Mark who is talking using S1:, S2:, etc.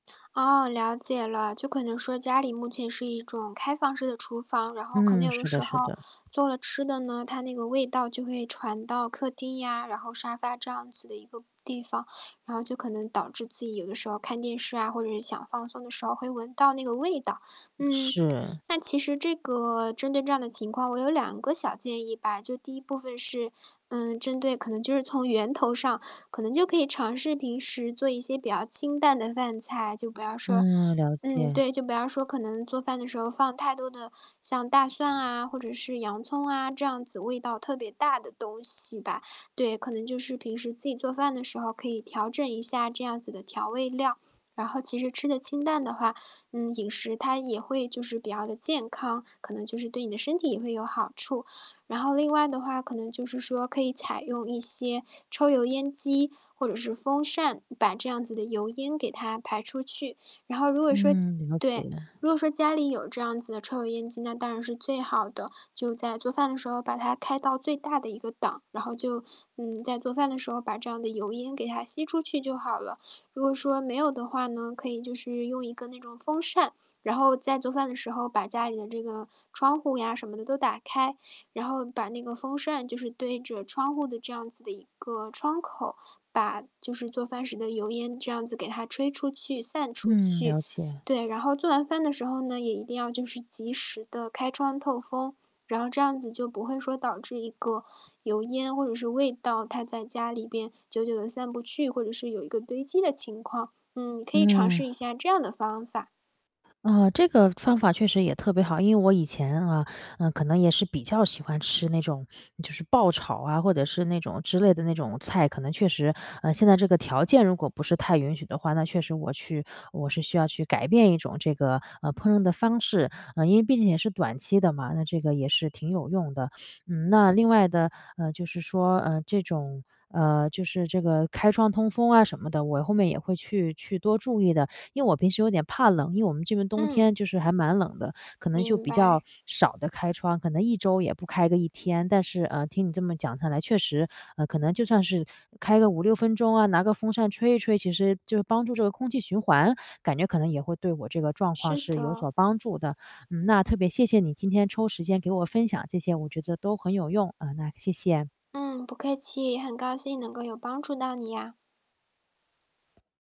S1: 哦，了解了。就可能说家里目前是一种开放式的厨房，然后可能
S2: 嗯，
S1: 有的
S2: 是
S1: 时
S2: 的是
S1: 候
S2: 的。
S1: 做了吃的呢，它那个味道就会传到客厅呀，然后沙发这样子的一个地方。然后就可能导致自己有的时候看电视啊，或者是想放松的时候会闻到那个味道。嗯，
S2: 是。
S1: 那其实这个针对这样的情况，我有2个小建议吧。就第一部分是，嗯，针对可能就是从源头上，可能就可以尝试平时做一些比较清淡的饭菜，就不要说
S2: 嗯，了
S1: 嗯，
S2: 解。
S1: 对，就不要说可能做饭的时候放太多的像大蒜啊、或者是洋葱啊，这样子味道特别大的东西吧。对，可能就是平时自己做饭的时候可以调整一下这样子的调味料，然后其实吃的清淡的话，嗯，饮食它也会就是比较的健康，可能就是对你的身体也会有好处。然后另外的话可能就是说可以采用一些抽油烟机或者是风扇，把这样子的油烟给它排出去。然后如果说
S2: 嗯，了解。
S1: 对，如果说家里有这样子的抽油烟机，那当然是最好的。就在做饭的时候把它开到最大的一个档，然后就，嗯，在做饭的时候把这样的油烟给它吸出去就好了。如果说没有的话呢，可以就是用一个那种风扇，然后在做饭的时候把家里的这个窗户呀什么的都打开。然后把那个风扇就是对着窗户的这样子的一个窗口，把就是做饭时的油烟这样子给它吹出去、散出
S2: 嗯，
S1: 去。
S2: 了解。
S1: 对，然后做完饭的时候呢，也一定要就是及时地开窗透风。然后这样子就不会说导致一个油烟或者是味道它在家里边久久地散不去，或者是有一个堆积的情况。嗯，你可以尝
S2: 嗯。
S1: 试一下这样的方法。
S2: 啊，这个方法确实也特别好。因为我以前啊，嗯，可能也是比较喜欢吃那种就是爆炒啊，或者是那种之类的那种菜，可能确实，呃，现在这个条件如果不是太允许的话，那确实我去我是需要去改变一种这个，呃，烹饪的方式。呃，因为毕竟也是短期的嘛，那这个也是挺有用的。嗯，那另外的，呃，就是说，呃，这种，呃，就是这个开窗通风啊什么的，我后面也会去去多注意的。因为我平时有点怕冷，因为我们这边冬
S1: 嗯。
S2: 天就是还蛮冷的，可能就
S1: 明
S2: 比较
S1: 白。
S2: 少的开窗，可能1周也不开个1天。但是，呃，听你这么讲下来确实，呃，可能就算是开个5-6分钟啊，拿个风扇吹一吹，其实就帮助这个空气循环，感觉可能也会对我这个状况
S1: 是
S2: 是有
S1: 的。
S2: 所帮助的。嗯，那特别谢谢你，今天抽时间给我分享这些，我觉得都很有用，啊，那谢谢。
S1: 嗯，不客气，很高兴能够有帮助到你呀。